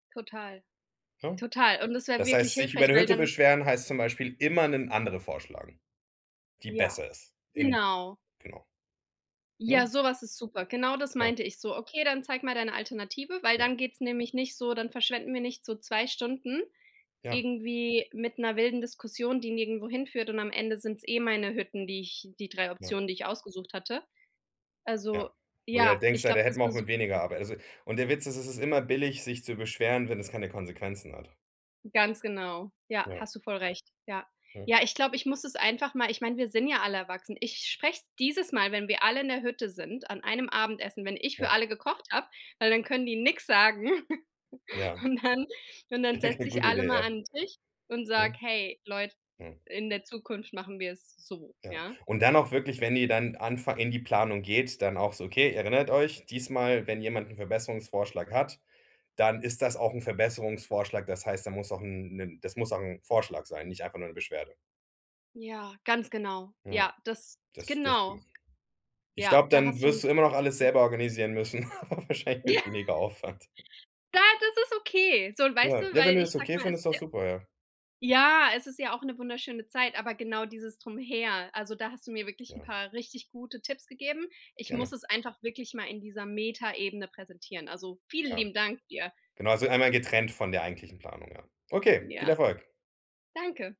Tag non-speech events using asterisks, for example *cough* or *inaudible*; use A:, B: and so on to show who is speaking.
A: Total.
B: Ne?
A: Total. Und das wäre
B: Das
A: wirklich
B: heißt, sich über
A: hilfreich,
B: 'ne
A: weil
B: Hütte
A: dann
B: beschweren heißt zum Beispiel immer 'nen andere vorschlagen. Die
A: Ja.
B: besser ist, in
A: Genau.
B: Genau.
A: Ja,
B: Ne?
A: sowas ist super. Genau das
B: Ja.
A: meinte ich, so: „Okay, dann zeig mal deine Alternative“, weil
B: Ja.
A: dann geht's nämlich nicht so dann verschwenden wir nicht so 2 Stunden
B: Ja.
A: irgendwie mit 'ner wilden Diskussion, die nirgendwo hinführt, und am Ende sind's eh meine Hütten, die ich die 3
B: Ja.
A: Optionen, die ich ausgesucht hatte. Also,
B: Ja, wo du dir
A: ja,
B: denkst:
A: ich
B: „Ja, da
A: glaub, das
B: hätten
A: ist
B: wir
A: 'ne
B: auch mit
A: super Idee.
B: weniger Arbeit“ also, und der Witz ist, es ist immer billig, sich zu beschweren, wenn es keine Konsequenzen hat.
A: Ganz genau. Ja,
B: Ja.
A: hast du voll recht. Ja.
B: Mhm.
A: Ja, ich glaub, ich muss es einfach mal ich mein, wir sind ja alle erwachsen. Ich sprech's dieses Mal, wenn wir alle in der Hütte sind, an einem Abendessen, wenn ich für
B: Ja.
A: alle gekocht habe, weil dann können die nix sagen *laughs*
B: Ja.
A: Und dann und dann
B: Ja,
A: setz
B: g
A: ich
B: gute
A: alle
B: Idee,
A: mal
B: ja.
A: an 'n Tisch und sage:
B: Mhm.
A: „Hey, Leute,
B: Mhm.
A: in der Zukunft machen wir es so,
B: Ja,
A: ja?“
B: und dann auch wirklich, wenn ihr dann anfangt in die Planung geht, dann auch so: „Okay, erinnert euch: Diesmal, wenn jemand 'n Verbesserungsvorschlag hat, dann ist das auch 'n Verbesserungsvorschlag. Das heißt, dann muss auch 'n 'nen das muss auch 'n Vorschlag sein, nicht einfach nur 'ne Beschwerde.“
A: Ja, ganz genau.
B: Ja.
A: Ja, das
B: Das
A: Genau.
B: dürften Ich
A: Ja,
B: glaub,
A: da
B: dann
A: hast du
B: wirst du immer noch alles
A: Ja.
B: selber organisieren müssen *laughs* aber wahrscheinlich
A: Ja.
B: mit weniger Aufwand.
A: Ja, das ist okay. So, und weißt du,
B: Ja, ne, wenn
A: weil
B: du
A: ich
B: das
A: sag
B: okay
A: mal, es
B: findest,
A: ist
B: ist
A: ja
B: doch super, ja.
A: Ja, es ist ja auch 'ne wunderschöne Zeit, aber genau dieses Drumherum. Also, da hast du mir wirklich 'n
B: Ja.
A: paar richtig gute Tipps gegeben. Ich muss
B: Gerne.
A: es einfach wirklich mal in dieser Metaebene präsentieren. Also, vielen
B: Ja.
A: lieben Dank dir.
B: Genau, also einmal getrennt von der eigentlichen Planung, ja. Okay, viel
A: Ja.
B: Erfolg.
A: Danke.